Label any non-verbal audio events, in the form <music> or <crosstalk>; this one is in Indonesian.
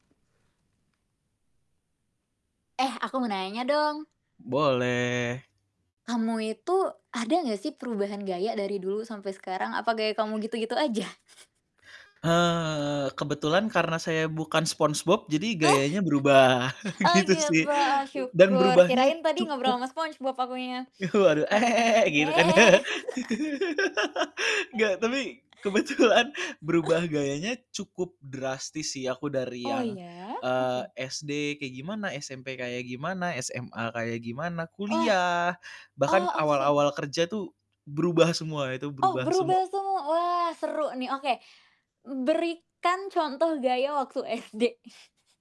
Eh aku mau nanya dong. Boleh. Kamu itu ada gak sih perubahan gaya dari dulu sampai sekarang? Apa gaya kamu gitu-gitu aja? Eee, kebetulan karena saya bukan Spongebob jadi gayanya berubah <laughs> <chuckles> Oh gitu sih gitu. Oh dan syukur, berubahnya kirain tadi ngobrol cukup ama Spongebob akunya. <chuckles> Waduh Oh bukan ya. <laughs> <laughs> gitu kan ya. <laughs> Enggak, tapi kebetulan berubah <giggles> gayanya cukup drastis sih, aku dari Oh yang, ya. eee, Oke. SD kayak gimana, SMP kayak gimana, SMA kayak gimana, Wah. kuliah, bahkan Oh oke m awal-awal kerja tuh berubah semua, itu Oh, berubah semua. berubah semua, wah seru nih. Oke, berikan contoh gaya waktu SD! <chuckles>